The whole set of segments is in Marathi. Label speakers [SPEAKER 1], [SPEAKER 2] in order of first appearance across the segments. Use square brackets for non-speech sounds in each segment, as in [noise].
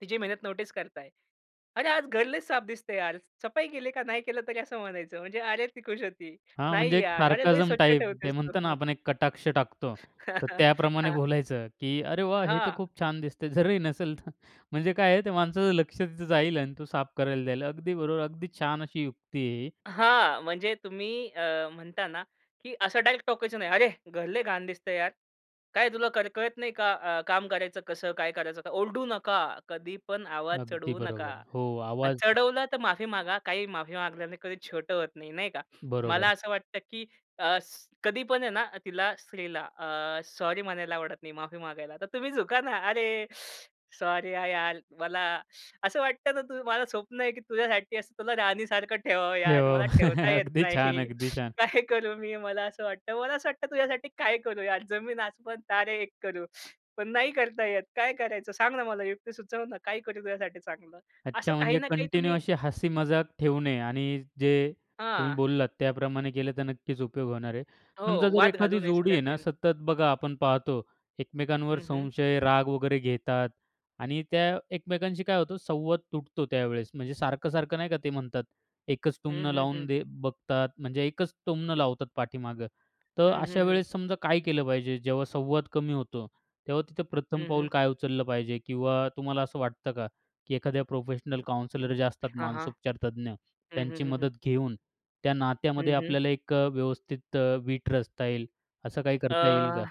[SPEAKER 1] तिची मेहनत नोटीस करताय. "अरे आज घर लय साफ दिसतंय यार! सफाई केली का?" नाही केलं तरी असं म्हणायचं. म्हणजे अरे ती खुश होती.
[SPEAKER 2] हां,
[SPEAKER 1] "नाही
[SPEAKER 2] म्हणजे एक
[SPEAKER 1] यार अरे लई
[SPEAKER 2] सार्कैज़म
[SPEAKER 1] स्वच्छ
[SPEAKER 2] टाईप. ते
[SPEAKER 1] ठेवतेस तू!"
[SPEAKER 2] म्हणतो ना आपण
[SPEAKER 1] [chuckles]
[SPEAKER 2] एक कटाक्ष टाकतो.
[SPEAKER 1] हां,
[SPEAKER 2] तर
[SPEAKER 1] हां.
[SPEAKER 2] त्याप्रमाणे
[SPEAKER 1] हां.
[SPEAKER 2] बोलायचं की "अरे वाह! हे तर
[SPEAKER 1] हां.
[SPEAKER 2] खूप छान दिसतंय." जरी नसेल तर म्हणजे काय आहे त्या माणसाचं लक्ष तिथं जाईल आणि तो साफ करायला जाईल. अगदी बरोबर, अगदी छान अशी युक्ती आहे ही.
[SPEAKER 1] हां, म्हणजे तुम्ही अ, म्हणता ना की असं डायरेक्ट टोकायचं नाही, "अरे! घर लय घाण दिसतंय यार! काय तुला कर कळत नाही का अ, काम करायचं कसं काय करायचं का?" ओरडू नका. कधी पण आवाज
[SPEAKER 2] अगदी
[SPEAKER 1] चढवू नका.
[SPEAKER 2] बरोबर. हो,
[SPEAKER 1] आणि
[SPEAKER 2] आवाज
[SPEAKER 1] चढवलं तर माफी मागा. काही माफी मागल्याने कधी छोटं होत नाही, नाही का?
[SPEAKER 2] बरोबर.
[SPEAKER 1] मला असं वाटतं, की अ, स कधी पण आहे ना तिला स्त्रीला अ, सॉरी म्हणायला आवडत नाही माफी मागायला. तर तुम्ही झुका ना. "अरे सॉरी आ यार! मला असं वाटतं ना तु मला स्वप्न आहे की तुझ्यासाठी असं तुला राणीसारखं ठेवावं यार,
[SPEAKER 2] हो.
[SPEAKER 1] मला
[SPEAKER 2] [chuckles]
[SPEAKER 1] ठेवता येत
[SPEAKER 2] अगदी छान,
[SPEAKER 1] नाही.
[SPEAKER 2] अगदी छान!
[SPEAKER 1] काय करू मी मला असं वाटतं. मला असं वाटतं तुझ्यासाठी काय करू यार! जमीन आसमान तारे एक करू, पण नाही करता येत. काय करायचं? सांग ना मला युक्ती सुचव ना काय करू तुझ्यासाठी चांगलं?" असं
[SPEAKER 2] अच्छा
[SPEAKER 1] काही
[SPEAKER 2] म्हणजे
[SPEAKER 1] ना काही
[SPEAKER 2] कंटिन्यू
[SPEAKER 1] तुम्ही
[SPEAKER 2] अशी हसी मजाक ठेवणे आणि अ, जे तुम्ही
[SPEAKER 1] हां.
[SPEAKER 2] बोललात त्याप्रमाणे केलं तर नक्कीच उपयोग होणार आहे. समजा
[SPEAKER 1] हो.
[SPEAKER 2] जर
[SPEAKER 1] वाद घालू
[SPEAKER 2] एखादी
[SPEAKER 1] नये
[SPEAKER 2] जोडी आहे
[SPEAKER 1] सगळ्यात
[SPEAKER 2] ना
[SPEAKER 1] मेन.
[SPEAKER 2] सतत बघा आपण पाहतो एकमेकांवर
[SPEAKER 1] हं, हं.
[SPEAKER 2] संशय, राग वगैरे घेतात आणि त्या एकमेकांशी काय होतं संवाद तुटतो त्यावेळेस. म्हणजे सारखं-सारखं, नाही का, ते म्हणतात एकच
[SPEAKER 1] हं,
[SPEAKER 2] टुमणं
[SPEAKER 1] हं,
[SPEAKER 2] लावून
[SPEAKER 1] हं.
[SPEAKER 2] दे बघतात. म्हणजे एकच टुमणं लावतात पाठीमागं. तर
[SPEAKER 1] हं, हं,
[SPEAKER 2] अशा
[SPEAKER 1] हं.
[SPEAKER 2] वेळेस समजा काय केलं पाहिजे जेव्हा संवाद कमी होतो? तेव्हा तिथं प्रथम
[SPEAKER 1] हं, हं.
[SPEAKER 2] पाऊल काय उचललं पाहिजे? किंवा तुम्हाला असं वाटतं का की एखाद्या प्रोफेशनल काउन्सिलर जे असतात
[SPEAKER 1] हां, हां.
[SPEAKER 2] मानौसुपचार तज्ज्ञ,
[SPEAKER 1] हं, हं,
[SPEAKER 2] त्यांची
[SPEAKER 1] हं, हं.
[SPEAKER 2] मदत घेऊन त्या नात्यामध्ये
[SPEAKER 1] हं, हं.
[SPEAKER 2] आपल्याला एक अ, व्यवस्थित अ, वीट रचता येईल. असं काही
[SPEAKER 1] अ,
[SPEAKER 2] करता येईल का?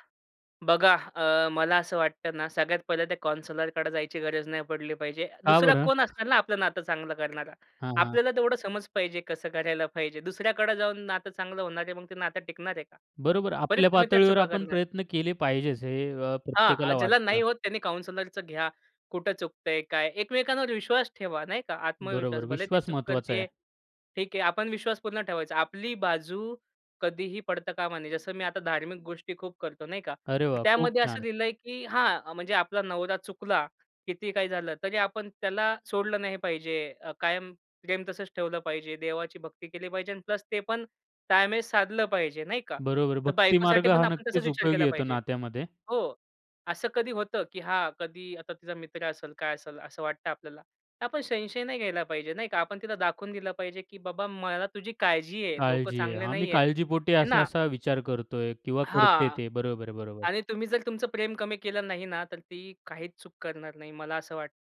[SPEAKER 1] बघा अ, मला असं वाटतं ना सगळ्यात पहिलं त्या काउन्सिलरकडे जायची गरज नाही पडली पाहिजे.
[SPEAKER 2] का
[SPEAKER 1] दुसरा
[SPEAKER 2] बरं?
[SPEAKER 1] कोण असणार ना आपलं नातं चांगलं करणारा?
[SPEAKER 2] हां, हां.
[SPEAKER 1] आपल्याला तेवढं समज पाहिजे कसं करायला पाहिजे. दुसऱ्याकडे जाऊन नातं चांगलं होणार आहे मग ते नातं टिकणार आहे का?
[SPEAKER 2] बरोबर.
[SPEAKER 1] परत
[SPEAKER 2] आपल्या
[SPEAKER 1] तुम्ही त्या
[SPEAKER 2] पातळीवर
[SPEAKER 1] चुका
[SPEAKER 2] आपण
[SPEAKER 1] करणार.
[SPEAKER 2] प्रयत्न केले पाहिजेच हे अ,
[SPEAKER 1] हां, अ,
[SPEAKER 2] प्रत्येकाला
[SPEAKER 1] ज्याला
[SPEAKER 2] वाटतं.
[SPEAKER 1] नाही होत त्यांनी काउन्सिलरचं घ्या. कुठे चुकतंय, काय? एकमेकांवर विश्वास ठेवा, नाही का? आत्मविश्वास.
[SPEAKER 2] बरोबर.
[SPEAKER 1] भले ती
[SPEAKER 2] विश्वास
[SPEAKER 1] चूक
[SPEAKER 2] महत्वाचा
[SPEAKER 1] करतीये,
[SPEAKER 2] आहे.
[SPEAKER 1] ठीक आहे. आपण विश्वास पूर्ण ठेवायचा. आपली बाजू कधीही पडता कामा नये. जसं मी आता धार्मिक गोष्टी खूप करतो, नाही का?
[SPEAKER 2] अरे
[SPEAKER 1] तर
[SPEAKER 2] वाह! खूप
[SPEAKER 1] त्यामध्ये असं
[SPEAKER 2] छान!
[SPEAKER 1] लिहिलंय, की हां म्हणजे आपला नवरा चुकला, कितीही काही झालं, तरी आपण त्याला सोडलं नाही पाहिजे. अ, कायम प्रेम तसंच ठेवलं पाहिजे. देवाची भक्ती केली पाहिजे अन् प्लस ते पण ताळमेळ साधलं पाहिजे, नाही का?
[SPEAKER 2] बरोबर आहे.
[SPEAKER 1] तर
[SPEAKER 2] भक्ती
[SPEAKER 1] बायकोसाठी
[SPEAKER 2] मार्ग
[SPEAKER 1] पण
[SPEAKER 2] हा
[SPEAKER 1] आपण तसाच
[SPEAKER 2] नक्कीच
[SPEAKER 1] विचार
[SPEAKER 2] उपयोगी
[SPEAKER 1] केला
[SPEAKER 2] येतो
[SPEAKER 1] पाहिजे.
[SPEAKER 2] नात्यामध्ये.
[SPEAKER 1] हो, असं कधी होतं की हां, कधी आता तिचा मित्र असेल, काय असेल असं वाटतं आपल्याला. तर आपण संशय नाही घ्यायला पाहिजे, नाही का? आपण तिला दाखवून दिलं पाहिजे की बाबा मला तुझी काळजी आहे. लोकं
[SPEAKER 2] काळजी आहे.
[SPEAKER 1] चांगले
[SPEAKER 2] हां, मी
[SPEAKER 1] नाहीयेत.
[SPEAKER 2] काळजीपोटी
[SPEAKER 1] हे ना?
[SPEAKER 2] असा-असा विचार करतोय किंवा करते
[SPEAKER 1] हां.
[SPEAKER 2] ते. बरोबर आहे, बरोबर.
[SPEAKER 1] आणि तुम्ही जर तुमचं प्रेम कमी केलं नाही ना तर ती काहीच चूक करणार नाही. मला असं वाटतं.